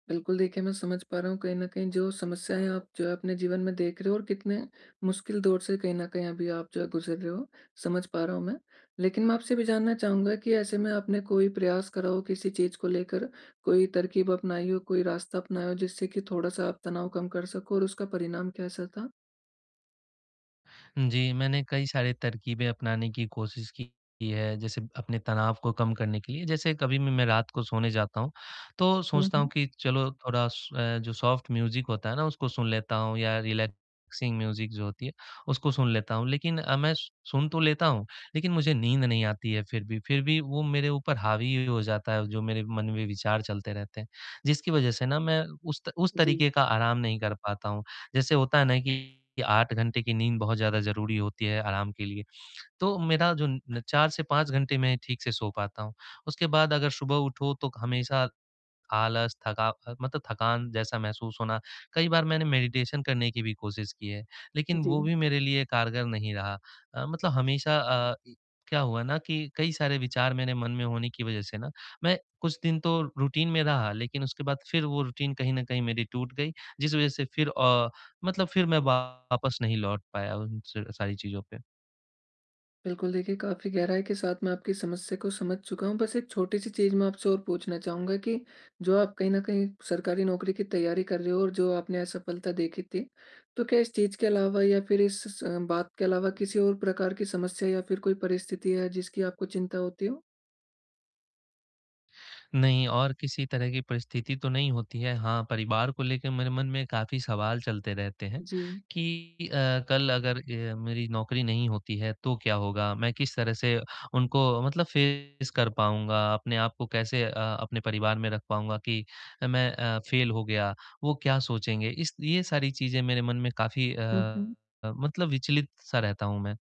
बिल्कुल देखिए, मैं समझ पा रहा हूँ कहीं न कहीं जो समस्याएँ आप जो है अपने जीवन में देख रहे हो और कितने मुश्किल दौर से कहीं न कहीं अभी आप जो गुज़र रहे हो, समझ पा रहा हूँ मैं। लेक़िन मैं आपसे भी जानना चाहूँगा कि ऐसे में आपने कोई प्रयास करा हो किसी चीज़ को लेकर, कोई तरकीब अपनाई हो, कोई रास्ता अपनाया हो जिससे कि थोड़ा-सा आप तनाव कम कर सको और उसका परिणाम कैसा था? हुँ, जी, मैंने कई सारे तरकीबें अपनाने की कोशिश की है। जैसे अपने तनाव को कम करने के लिए, जैसे कभी-भी मैं रात को सोने जाता हूँ, तो हुँ, सोचता हूँ हुँ। कि चलो थोड़ा सो अ, जो सॉफ्ट म्यूज़िक होता है ना उसको सुन लेता हूँ या रिलैक्सिंग म्यूज़िक जो होती है उसको सुन लेता हूँ। लेक़िन अ, मैं स सुन तो लेता हूँ लेक़िन मुझे नींद नहीं आती है फ़िर भी फ़िर भी वो मेरे ऊपर हावी हो जाता है जो मेरे मन में विचार चलते रहते हैं। जिसकी वजह से मैं उस त उस जी। तरीक़े का आराम नहीं कर पाता हूँ। जैसे होता है ना कि 8 घंटे की नींद बहुत ज़्यादा ज़रूरी होती है आराम के लिए। तो मेरा जो न 4 से 5 घंटे मैं ठीक से सो पाता हूँ। उसके बाद अगर सुबह उठो तो हमेशा आलस, थका अ, मतलब थकान जैसा महसूस होना। कई बार मैंने मैडिटेशन करने की भी कोशिश की है, लेक़िन वो जी। भी मेरे लिए कारगर नहीं रहा। अ, मतलब हमेशा अ, ई क्या हुआ ना कि कई सारे विचार मेरे मन में होने की वजह से ना मैं कुछ दिन तो रूटीन में रहा लेक़िन उसके बाद फ़िर वो रूटीन कहीं न कहीं मेरी टूट गई। जिस वज़ह से फ़िर अ, मतलब फ़िर मैं वापस नहीं लौट पाया उन स सारी चीज़ों पे। बिल्कुल देखिए, काफ़ी गहराई के साथ मैं आपकी समस्या को समझ चुका हूँ। बस एक छोटी-सी चीज़ मैं आपसे और पूछना चाहूँगा कि जो आप कहीं न कहीं सरकारी नौकरी की तैयारी कर रहे हो और जो आपने असफ़लता देखी थी तो क्या इस चीज़ के अलावा या फ़िर इस स बात के अलावा किसी और प्रकार की समस्या या फ़िर कोई परिस्थिति है जिसकी आपको चिंता होती हो? नहीं, और किसी तरह की परिस्थिति तो नहीं होती है। हाँ, परिवार को लेके मेरे मन में काफ़ी सवाल चलते रहते हैं जी। कि अ, कल अगर अ, मेरी नौकरी नहीं होती है तो क्या होगा? मैं किस तरह से उनको मतलब फेस कर पाऊँगा, अपने आप को कैसे अ, अपने परिवार में रख पाऊँगा कि अ, मैं अ, फेल हो गया, वो क्या सोचेंगे। इस ये सारी चीज़ें मेरे मन में काफ़ी हुँ, अ, हुँ। मतलब विचलित-सा रहता हूँ मैं।